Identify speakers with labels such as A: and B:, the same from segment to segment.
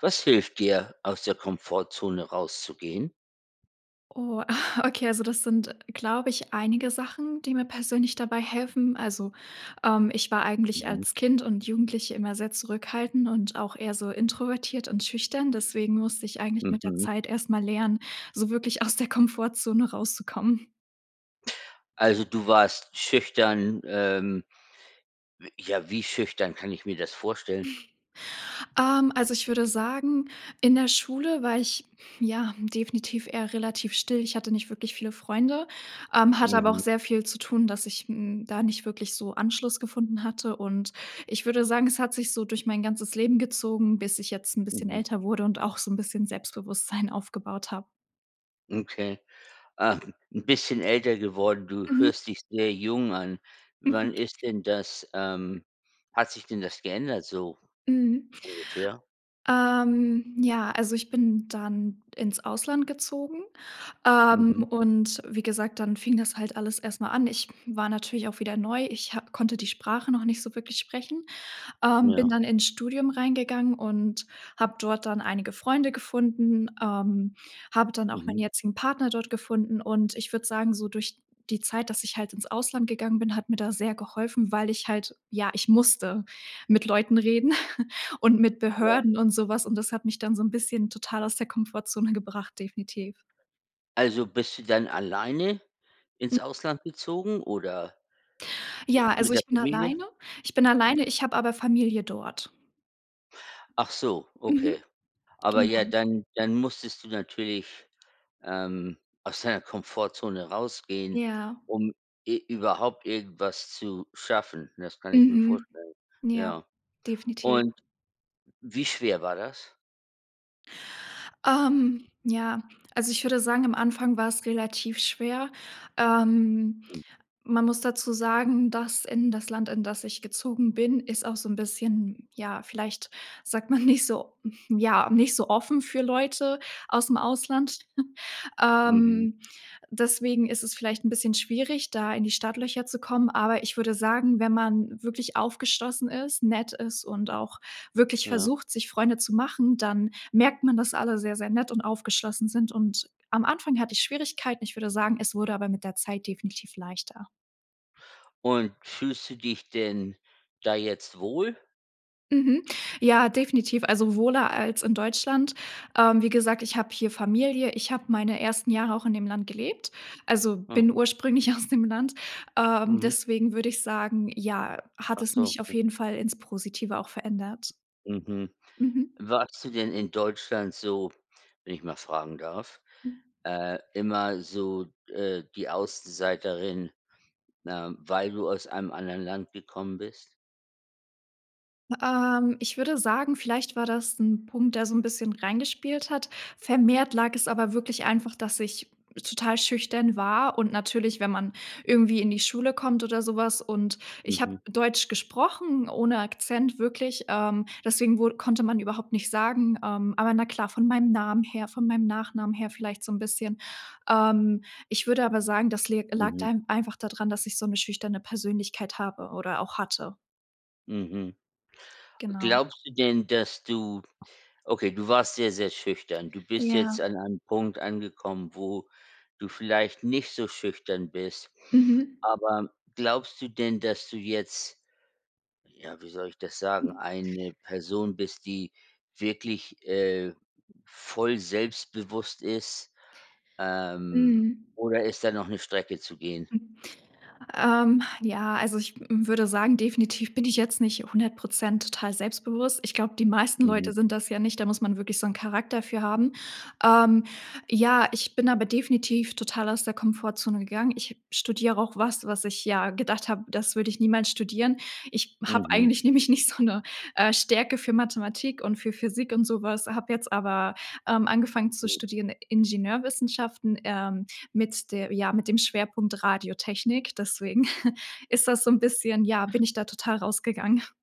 A: Was hilft dir, aus der Komfortzone rauszugehen?
B: Oh, okay, also, das sind, glaube ich, einige Sachen, die mir persönlich dabei helfen. Also, ähm, ich war eigentlich
A: Mhm.
B: als Kind und Jugendliche immer sehr zurückhaltend und auch eher so introvertiert und schüchtern, deswegen musste ich eigentlich mit der
A: Mhm.
B: Zeit erst mal lernen, so wirklich aus der Komfortzone rauszukommen.
A: Also, du warst schüchtern, ähm. Wi ja, wie schüchtern kann ich mir das vorstellen?
B: Ähm, also, ich würde sagen, in der Schule war ich, ja, definitiv eher relativ still. Ich hatte nicht wirklich viele Freunde, ähm, hatte aber auch
A: Mhm.
B: sehr viel zu tun, dass ich, hm, da nicht wirklich so Anschluss gefunden hatte und ich würde sagen, es hat sich so durch mein ganzes Leben gezogen, bis ich jetzt 'n bisschen
A: Mhm.
B: älter wurde und auch so 'n bisschen Selbstbewusstsein aufgebaut habe.
A: Okay. Ah, 'n bisschen älter geworden. Du
B: Mhm.
A: hörst dich sehr jung an. Wann ist denn das, ähm hat sich denn das geändert so
B: Mhm.
A: ungefähr?
B: Ähm, ja, also, ich bin dann ins Ausland gezogen, ähm,
A: Mhm.
B: und wie gesagt, dann fing das halt alles erst mal an. Ich war natürlich auch wieder neu. Ich ha konnte die Sprache noch nicht so wirklich sprechen, ähm, bin
A: Ja.
B: dann ins Studium reingegangen und hab dort dann einige Freunde gefunden, ähm, habe dann auch meinen
A: Mhm.
B: jetzigen Partner dort gefunden und- ich würde sagen- so durch die Zeit dass ich halt ins Ausland gegangen bin, hat mir da sehr geholfen, weil ich halt ja, ich musste mit Leuten reden und mit
A: Ja.
B: Behörden und so was und das hat mich dann so 'n bisschen total aus der Komfortzone gebracht, definitiv.
A: Also, bist du dann alleine
B: Hm
A: ins Ausland gezogen oder
B: Ja, also
A: mit der
B: ich bin
A: Familie?
B: alleine ich bin alleine, ich hab aber Familie dort.
A: Ach so, okay.
B: Mhm,
A: Aber ja,
B: genau.
A: dann dann musstest du natürlich, ähm, aus deiner Komfortzone rausgehen,
B: Ja.
A: um e überhaupt irgendwas zu schaffen. Das kann ich mir
B: Mhm.
A: vorstellen,
B: Ja.
A: ja.
B: Definitiv.
A: Und wie schwer war das?
B: Ähm, ja, also, ich würde sagen, am Anfang wars relativ schwer. Ähm, man muss dazu sagen, dass in das Land, in das ich gezogen bin, ist auch so ein bisschen, ja, vielleicht sagt man nicht so ja, nicht so offen für Leute ausm Ausland.
A: Mhm.
B: Ähm, deswegen ist es vielleicht 'n bisschen schwierig da in die Startlöcher zu kommen, aber ich würde sagen, wenn man wirklich aufgeschlossen ist, nett ist und auch wirklich
A: Ja.
B: versucht sich Freunde zu machen, dann merkt man, dass alle sehr, sehr nett und aufgeschlossen sind und am Anfang hatte ich Schwierigkeiten. Ich würde sagen, es wurde aber mit der Zeit definitiv leichter.
A: Und fühlst du dich denn da jetzt wohl?
B: Mhm. Ja, definitiv. Also wohler als in Deutschland. Ähm, wie gesagt, ich habe hier Familie. Ich habe meine ersten Jahre auch in dem Land gelebt, also bin
A: Aha.
B: ursprünglich aus dem Land. Ähm,
A: Mhm.
B: deswegen würde ich sagen, ja, hat
A: Ach
B: es
A: so,
B: mich auf
A: mhm.
B: jeden Fall ins Positive auch verändert.
A: Mhm.
B: Mhm.
A: Warst du denn in Deutschland so, wenn- ich mal fragen darf-
B: Mhm.
A: äh, immer so d äh, die Außenseiterin, ne, weil du aus einem anderen Land gekommen bist?
B: Ähm, ich würde sagen, vielleicht war das 'n Punkt, der so 'n bisschen reingespielt hat. Vermehrt lag es aber wirklich einfach, dass ich total schüchtern war und natürlich wenn man irgendwie in die Schule kommt oder so was und ich
A: Mhm.
B: hab Deutsch gesprochen ohne Akzent wirklich, ähm, deswegen wur konnte man überhaupt nicht sagen, ähm, aber na klar, von meinem Namen her, von meinem Nachnamen her vielleicht so 'n bisschen. Ähm, ich würde aber sagen, das leg
A: Mhm.
B: dahin lag einfach dadran, dass ich so 'ne schüchterne Persönlichkeit habe oder auch hatte.
A: Mhm.
B: Genau.
A: Glaubst du denn, dass du okay, du warst sehr, sehr schüchtern. Du bist jetzt
B: Ja.
A: an einem Punkt angekommen, wo du vielleicht nicht so schüchtern bist,
B: Mhm.
A: aber glaubst du denn, dass du jetzt- ja, wie soll ich das sagen- eine Person bist, die wirklich, äh, voll selbstbewusst ist, ähm,
B: Mhm.
A: oder ist da noch 'ne Strecke zu gehen?
B: Ähm, ja also ich würde sagen definitiv bin ich jetzt nicht 100 % total selbstbewusst. Ich glaube, die meisten
A: Mhm.
B: Leute sind das ja nicht, da muss man wirklich so 'n Charakter für haben. Ähm, ja, ich bin aber definitiv total aus der Komfortzone gegangen. Ich studiere auch was, was ich, ja, gedacht hab, das würde ich niemals studieren. Ich hab
A: Mhm.
B: eigentlich nämlich nicht so 'ne, äh, Stärke für Mathematik und für Physik und sowas, habe jetzt aber, ähm, angefangen zu
A: Hm.
B: studieren, Ingenieurwissenschaften, ähm, mit der ja, mit dem Schwerpunkt Radiotechnik, deswegen ist das so 'n bisschen ja, bin ich da total rausgegangen.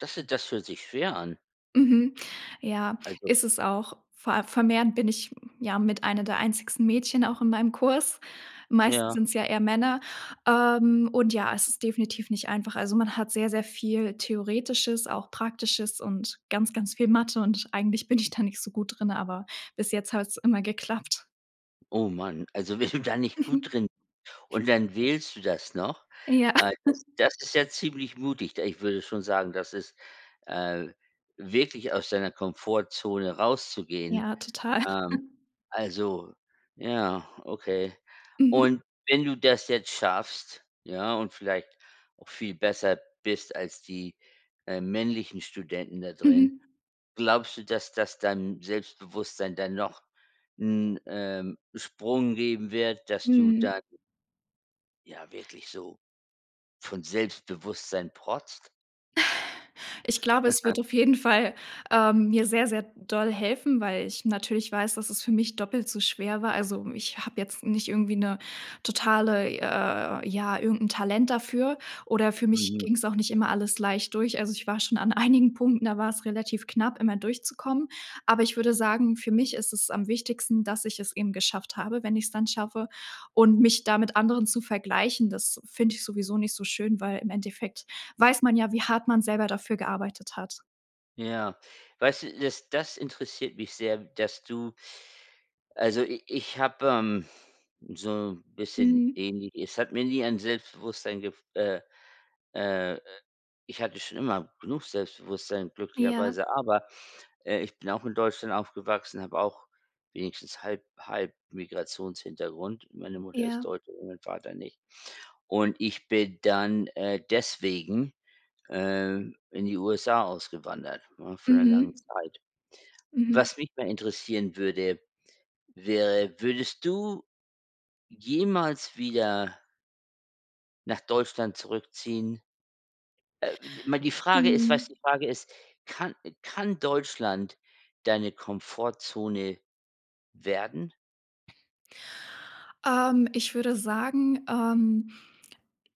A: Das, äh, das fühlt sich schwer an.
B: Mhm, ja,
A: Also
B: isses auch. Vor a vermehrend bin ich, ja, mit einer der einzigsten Mädchen auch in meinem Kurs. Meistens
A: Ja.
B: sind's ja eher Männer, ähm, und, ja, es ist definitiv nicht einfach. Also, man hat sehr, sehr viel theoretisches, auch praktisches und ganz, ganz viel Mathe, und eigentlich bin ich da nicht so gut drin, aber bis jetzt hat's immer geklappt.
A: Oh Mann, also wenn du da nicht gut
B: Mhm.
A: drin und dann wählst du das noch?
B: Ja.
A: Äh, das das ist ja ziemlich mutig, da ich würde schon sagen, das ist, äh, wirklich aus deiner Komfortzone rauszugehen.
B: Ja, total.
A: Ähm, also ja, okay.
B: Mhm.
A: Und wenn du das jetzt schaffst, ja, und vielleicht auch viel besser bist als die, äh, männlichen Studenten da drin,
B: Mhm.
A: glaubst du, dass das deinem Selbstbewusstsein dann noch 'n, ähm, Sprung geben wird, dass du
B: Mhm.
A: da ja, wirklich so von Selbstbewusstsein protzt?
B: Ich glaube, es wird auf jeden Fall, ähm, mir sehr, sehr doll helfen, weil ich natürlich weiß, dass es für mich doppelt so schwer war. Also, ich habe jetzt nicht irgendwie 'ne totale, äh, ja, irgend 'n Talent dafür, oder für mich
A: Mhm.
B: ging's auch nicht immer alles leicht durch. Also, ich war schon an einigen Punkten, da wars relativ knapp immer durchzukommen. Aber ich würde sagen, für mich ist es am wichtigsten, dass ich es eben geschafft habe, wenn ich's dann schaffe. Und mich damit anderen zu vergleichen, das finde ich sowieso nicht so schön, weil im Endeffekt weiß man ja, wie hart man selber dafür gearbeitet hat.
A: Ja. Weißt du, das das interessiert mich sehr, dass du Also i ich habe, ähm, so 'n bisschen
B: Mhm.
A: ähnlich es hat mir nie ein Selbstbewusstsein gef äh äh, ich hatte schon immer genug Selbstbewusstsein
B: Ja.
A: glücklicherweise, aber, äh, ich bin auch in Deutschland aufgewachsen, habe auch wenigstens halb halb Migrationshintergrund. Meine Mutter ist
B: Ja.
A: Deutsche und mein Vater nicht. Und ich bin dann, äh, deswegen, ähm, in die USA ausgewandert, ne, für 'ne lange
B: Mhm.
A: Zeit.
B: Mhm.
A: Was mich mal interessieren würde, wäre, würdest du jemals wieder nach Deutschland zurückziehen äh, mal, die Frage ist, weißt
B: Mhm.
A: du? Die Frage ist, kann kann Deutschland deine Komfortzone werden?
B: Ähm, ich würde sagen, ähm,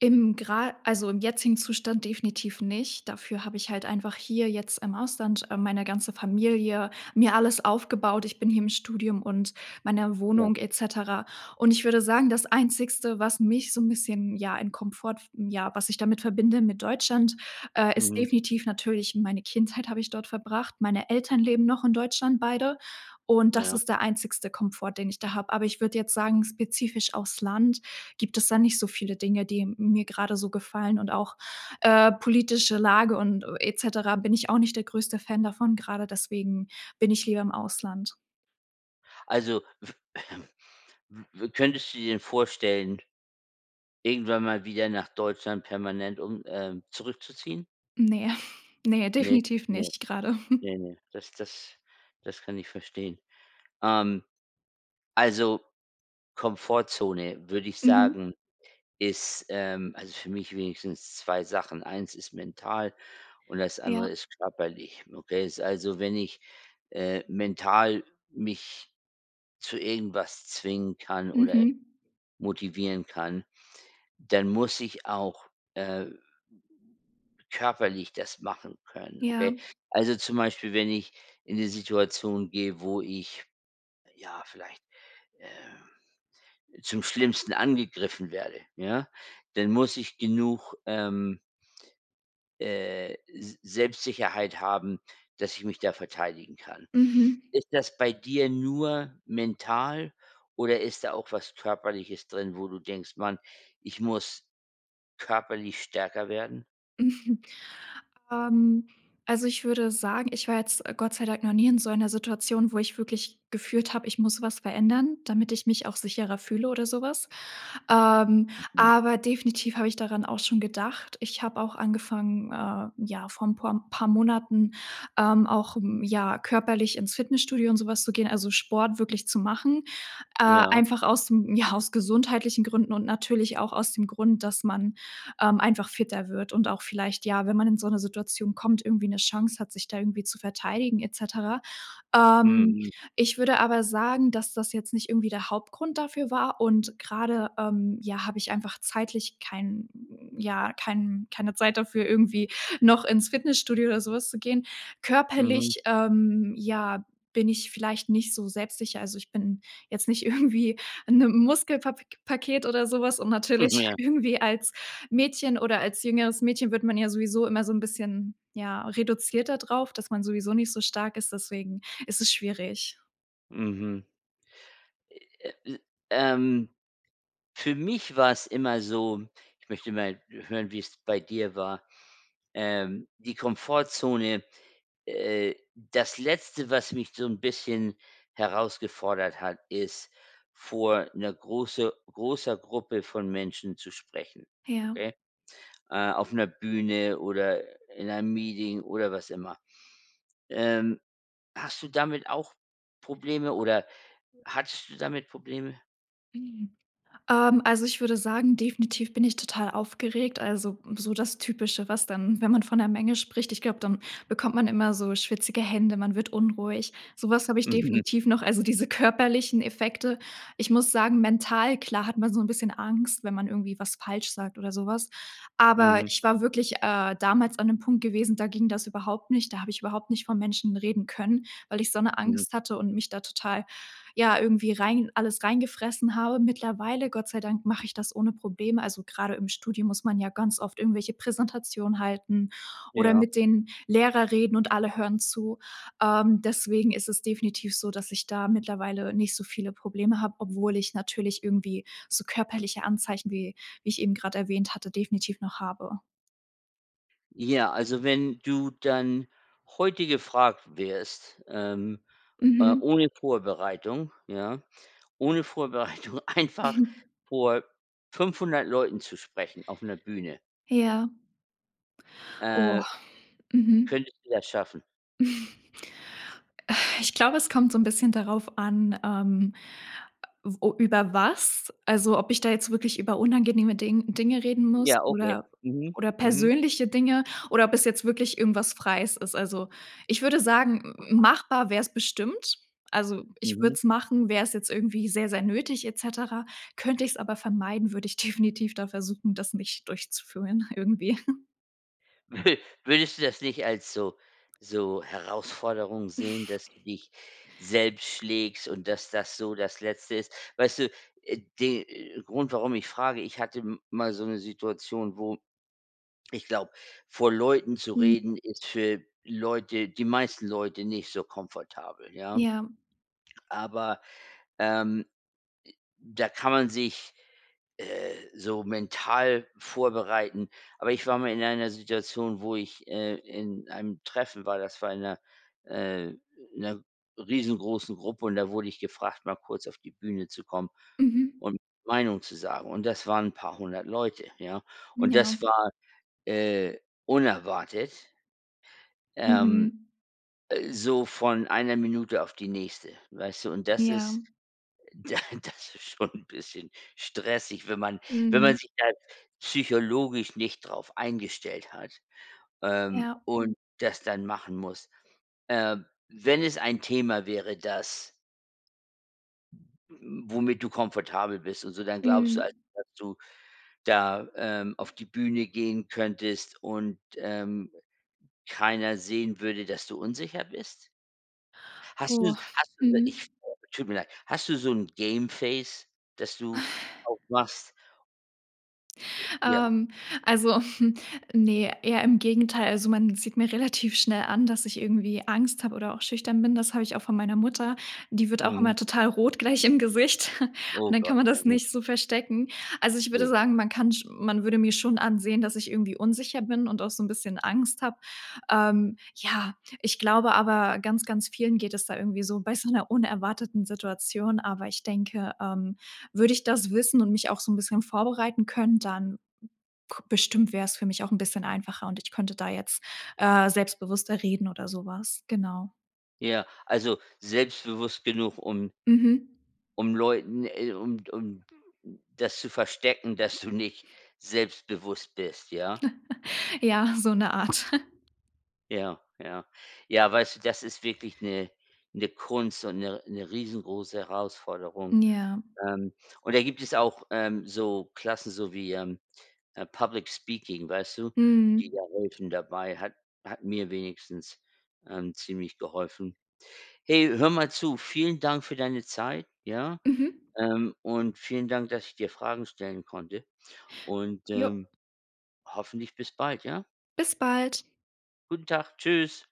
B: im gera also im jetzigen Zustand definitiv nicht. Dafür habe ich halt einfach hier jetzt im Ausland, äh, meine ganze Familie mir alles aufgebaut. Ich bin hier im Studium und meiner
A: Ja.
B: Wohnung et cetera und ich würde sagen, das einzigste, was mich so 'n bisschen ja in Komfort f ja, was ich damit verbinde mit Deutschland, äh, ist
A: Mhm.
B: definitiv natürlich meine Kindheit habe ich dort verbracht. Meine Eltern leben noch in Deutschland beide und das
A: Ja.
B: ist der einzigste Komfort, den ich da habe. Aber ich würde jetzt sagen spezifisch auf's Land gibt es da nicht so viele Dinge, die mir gerade so gefallen und auch, äh, politische Lage und et cetera bin ich auch nicht der größte Fan davon, gerade deswegen bin ich lieber im Ausland.
A: Also w w w könntest du dir denn vorstellen, irgendwann mal wieder nach Deutschland permanent um ähm, zurückzuziehen?
B: Ne, ne,
A: Ne,
B: definitiv
A: ne,
B: nicht gerade.
A: ne, ne. Das das das kann ich verstehen. Ähm, also Komfortzone würde ich
B: Mhm.
A: sagen, ist, ähm, also für mich wenigstens 2 Sachen. Eins ist mental und das
B: Ja.
A: andere ist körperlich. Okay? Also wenn ich, äh, mental mich zu irgendwas zwingen kann oder
B: Mhm.
A: motivieren kann, dann muss ich auch, äh, körperlich das machen können,
B: Ja.
A: okay? Also zum Beispiel, wenn ich in die Situation gehe, wo ich ja vielleicht, ähm, zum Schlimmsten angegriffen werde, ja, denn muss ich genug, ähm äh, S Selbstsicherheit haben, dass ich mich da verteidigen kann.
B: Mhm.
A: Ist das bei dir nur mental oder ist da auch was körperliches drin, wo du denkst: „Mann, ich muss körperlich stärker werden?“
B: Mhm. Ähm, also, ich würde sagen, ich war jetzt, äh, Gott sei Dank noch nie in so einer Situation, wo ich wirklich gefühlt habe, ich muss was verändern, damit ich mich auch sicherer fühle oder sowas. Ähm,
A: Mhm.
B: aber definitiv habe ich daran auch schon gedacht. Ich habe auch angefangen, äh, ja, vor ein pur M paar Monaten, ähm, auch, hm, ja körperlich ins Fitnessstudio und sowas zu gehen, also Sport wirklich zu machen. Äh,
A: Ja.
B: einfach aus, hm, ja, aus gesundheitlichen Gründen und natürlich auch aus dem Grund, dass man, ähm, einfach fitter wird und auch vielleicht ja, wenn man in so 'ne Situation kommt, irgendwie 'ne Chance hat, sich da irgendwie zu verteidigen et cetera. Ähm,
A: Mhm.
B: ich würde aber sagen, dass das jetzt nicht irgendwie der Hauptgrund dafür war und grade, ähm, ja, habe ich einfach zeitlich kein ja, kein keine Zeit dafür, irgendwie noch ins Fitnessstudio oder sowas zu gehen.
A: Mhm.
B: Körperlich, ähm, ja, bin ich vielleicht nicht so selbstsicher. Also, ich bin jetzt nicht irgendwie 'n, ähm, Muskelpap paket oder so was und
A: Hm,
B: natürlich
A: ja.
B: irgendwie als Mädchen, oder als jüngeres Mädchen wird man ja sowieso immer so 'n bisschen, ja, reduziert da drauf, dass man sowieso nicht so stark ist, deswegen ist es schwierig.
A: Mhm. Äh, ähm. Für mich war's immer so ich möchte mal hören, wie's bei dir war. Ähm, die Komfortzone, äh, das Letzte, was mich so 'n bisschen herausgefordert hat, ist vor 'ner große großer Gruppe von Menschen zu sprechen,
B: Ja.
A: okay? Äh, auf 'ner Bühne oder, äh, in einem Meeting oder was immer. Ähm, hast du damit auch Probleme oder hattest du damit Probleme?
B: Mhm. Ähm, also ich würde sagen, definitiv bin ich total aufgeregt. Also so das typische, was dann wenn man von 'ner Menge spricht, ich glaube dann bekommt man immer so schwitzige Hände. Man wird unruhig. Sowas habe ich
A: Mhm.
B: definitiv noch. Also diese körperlichen Effekte. Ich muss sagen, mental, klar, hat man so 'n bisschen Angst, wenn man irgendwie was falsch sagt oder sowas. Aber
A: Mhm.
B: ich war wirklich, äh, damals an dem Punkt gewesen, da ging das überhaupt nicht. Da habe ich überhaupt nicht vor Menschen reden können, weil ich so 'ne
A: Mhm.
B: Angst hatte und mich da total, ja, irgendwie rein alles reingefressen habe. Mittlerweile, Gott sei Dank, mache ich das ohne Probleme. Also grade im Studium muss man ja ganz oft irgendwelche Präsentationen halten oder
A: Ja.
B: mit den Lehrer reden und alle hören zu. Ähm, deswegen ist es definitiv so, dass ich da mittlerweile nicht so viele Probleme habe, obwohl ich natürlich irgendwie so körperliche Anzeichen, wie wie ich eben grade erwähnt hatte, definitiv noch habe.
A: Ja, also, wenn du dann heute gefragt wirst, ähm, äh,
B: Mhm.
A: ohne Vorbereitung, ja? Ohne Vorbereitung einfach vor 500 Leuten zu sprechen auf 'ner Bühne
B: Ja.
A: äh,
B: Oh. Mhm.
A: könntest du das schaffen?
B: Äh, ich glaube, es kommt so 'n bisschen darauf an, ähm, o über was, also, ob ich da jetzt wirklich über unangenehme Ding Dinge reden muss
A: Ja, okay.
B: oder
A: Mhm.
B: oder
A: Mhm.
B: persönliche Dinge oder ob es jetzt wirklich irgendwas Freies ist. Also, ich würde sagen, m m machbar wär's bestimmt. Also, ich würde
A: Mhm.
B: es machen, wäre es jetzt irgendwie sehr, sehr nötig et cetera. Könnte ich's aber vermeiden, würde ich definitiv da versuchen, das nicht durchzuführen irgendwie.
A: Würdest du das nicht als so so Herausforderung sehen, dass du dich selbst schlägst und dass, das so das Letzte ist? Weißt du, äh, den Grund, warum ich frage, ich hatte m mal so 'ne Situation, wo ich glaube, vor Leuten zu
B: Mhm.
A: reden ist für Leute die meisten Leute nicht so komfortabel, ja
B: Ja.
A: aber, ähm, äh, da kann man sich, äh, so mental vorbereiten. Aber ich war mal in einer Situation, wo ich, äh in einem Treffen war, das war in 'ner äh, in 'ner riesengroßen Gruppe und da wurde ich gefragt, mal kurz auf die Bühne zu kommen
B: Mhm.
A: und Meinung zu sagen. Und das waren 'n paar 100 Leute, ja?
B: Mhm,
A: Und
B: ja.
A: das war, äh, unerwartet ähm,
B: Mhm.
A: äh, so von einer Minute auf die nächste, weißt du? Und das
B: Ja.
A: ist da das ist schon 'n bisschen stressig, wenn man wenn man
B: Mhm.
A: sich da psychologisch nicht drauf eingestellt hat, ähm,
B: Ja.
A: und das dann machen muss. Äh, wenn es ein Thema wäre, das mm womit du komfortabel bist und so, dann glaubst du also,
B: Mhm.
A: dass du da, ähm, auf die Bühne gehen könntest und, ähm, keiner sehen würde, dass du unsicher bist? Hast du
B: Oh,
A: es hast du ich
B: mhm.
A: frag, tut mir leid, hast du so 'n game face, das du aufmachst? Äh, ja.
B: Ähm, also ne, eher im Gegenteil. Also man sieht mir relativ schnell an, dass ich irgendwie Angst habe oder auch schüchtern bin. Das habe ich auch von meiner Mutter. Die wird auch
A: Mhm.
B: immer total rot gleich im Gesicht
A: Oh
B: und dann kann
A: Gott,
B: man
A: ja
B: das
A: gut.
B: nicht so verstecken. Also ich würde
A: Ne.
B: sagen, man kann sch man würde mir schon ansehen, dass ich irgendwie unsicher bin und auch so 'n bisschen Angst habe. Ähm, ja, ich glaube aber ganz ganz vielen geht es da irgendwie so bei so 'ner unerwarteten Situation, aber ich denke, ähm, würde ich das wissen und mich auch so 'n bisschen vorbereiten können, dann k bestimmt wär's für mich auch 'n bisschen einfacher und ich könnte da jetzt, äh, selbstbewusster reden oder so was, genau.
A: Ja, also selbstbewusst genug um
B: Mhm.
A: um Leuten, äh um d um das zu verstecken, dass du nicht selbstbewusst bist, ja?
B: Ja, so 'ne Art.
A: Ja, ja. Ja, weißt du, das ist wirklich 'ne 'ne Kunst und 'ne 'ne riesengroße Herausforderung.
B: Ja.
A: Ähm, und da gibt es auch, ähm, so Klassen, so wie, ähm äh, Public Speaking, weißt du, die
B: Mhm.
A: da helfen dabei hat hat mir wenigstens, ähm, ziemlich geholfen. Hey, hör mal zu. Vielen Dank für deine Zeit, ja?
B: Mhm.
A: Ähm, und vielen Dank, dass ich dir Fragen stellen konnte und,
B: Jo.
A: ähm, hoffentlich bis bald, ja?
B: Bis bald.
A: Guten Tag, tschüss.